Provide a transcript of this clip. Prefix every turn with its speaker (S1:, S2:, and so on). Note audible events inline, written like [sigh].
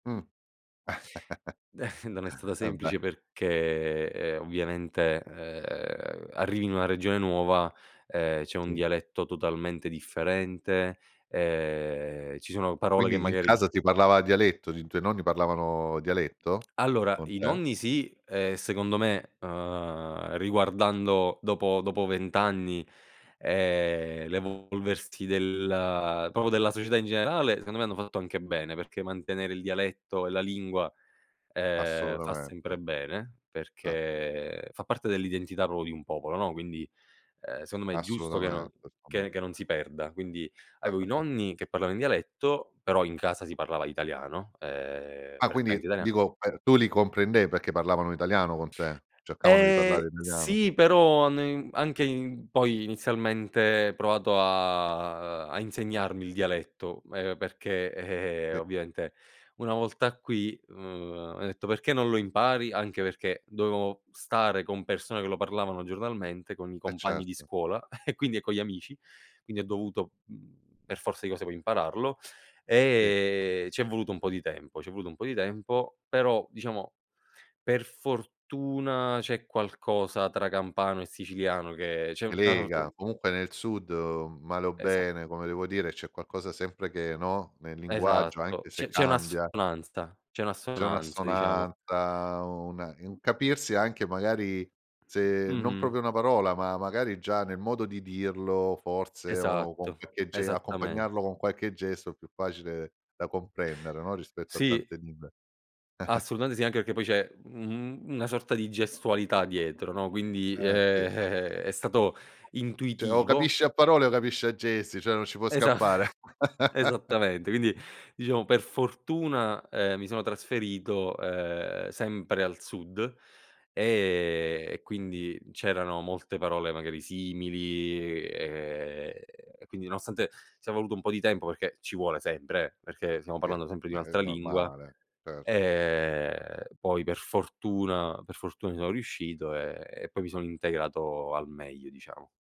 S1: Mh.
S2: [chuckles] Non è stata
S1: [chuckles] Vabbè.
S2: semplice perché, ehm, ovviamente, ehm, arrivi in una regione nuova, ehm, c'è un
S1: Sì.
S2: dialetto totalmente differente, ehm, ci sono parole che
S1: Quindi in
S2: magari
S1: casa ti parlava dialetto, i tuoi nonni parlavano dialetto
S2: Allora
S1: con
S2: i
S1: te?
S2: nonni sì, ehm, secondo me, ehm, riguardando dopo dopo 20 anni, ehm, l'evolversi del proprio della società in generale, secondo me hanno fatto anche bene, perché mantenere il dialetto e la lingua, ehm, fa sempre
S1: Assolutamente.
S2: bene
S1: [unintelligible]
S2: perché, fa parte dell'identità proprio di un popolo, no, quindi, ehm, secondo me è giusto che non
S1: Assolutamente, mh.
S2: che non si perda. Quindi avevo i
S1: Certo.
S2: nonni che parlava in dialetto, però in casa si parlava italiano, ehm,
S1: Ah
S2: prettamente
S1: quindi,
S2: italian
S1: dico per tu li comprendev perché parlavano italiano con te? Cercavano di
S2: Ehm,
S1: parlare italiano.
S2: sì però, hanno in anche in poi inizialmente provato a a insegnarmi il dialetto, ehm, perché, ehm,
S1: Sì.
S2: ovviamente una volta qui, mhmm, m'ha detto: "Perché non lo impari?" Anche perché, dovevo stare con persone che lo parlavano giornalmente, con i
S1: E
S2: compagni di
S1: certo.
S2: scuola [chuckles] e quindi e con gli amici, quindi ho dovuto, mhmm, per forza di cose poi impararlo,
S1: Sì.
S2: e c'è voluto un po' di tempo c'è voluto un po' di tempo, però, diciamo per fortuna c'è qualcosa tra campano e siciliano che c'è
S1: Che
S2: una sorta di
S1: lega, comunque nel sud male o
S2: Esa
S1: bene, come devo dire, c'è qualcosa sempre che, no, nel linguaggio,
S2: Esatto,
S1: anche
S2: c'è
S1: se
S2: c'è
S1: cambia
S2: un'assonanza, c'è
S1: c'è
S2: un'assonanza diciamo.
S1: un'assonanza, una un capirsi anche magari se non
S2: Mh-mh.
S1: proprio una parola, ma magari già nel modo di dirlo forse o con
S2: Esatto,
S1: qualche ge
S2: esattamen
S1: accompagnarlo con qualche gesto è più facile da comprendere, no, rispetto a
S2: Sì.
S1: tante lingue. [chuckles]
S2: Assolutamente sì, anche perché poi c'è, mhmm, u un una sorta di gestualità dietro, no, quindi, ehm,
S1: Ehm, sì.
S2: eh-eh, è stato
S1: [chuckles] Cioè o
S2: intuitivo
S1: capisci a parole o capisci a gesti, cioè non ci può
S2: Esa
S1: scappare.
S2: [chuckles]
S1: [laughs]
S2: esattamente, quindi, diciamo per fortuna, ehm, mi sono trasferito, ehm, sempre al sud, ehm, e quindi c'erano molte parole magari simili e, ehm, quindi nonostante, sia voluto un po' di tempo perché, ci vuole sempre eh, perché stiamo
S1: Sì,
S2: parlando sempre di
S1: ehm, è
S2: un'altra lingua,
S1: normale, certo.
S2: ehm, poi per fortuna per fortuna ci sono riuscito, ehm, e poi mi son integrato al meglio diciamo.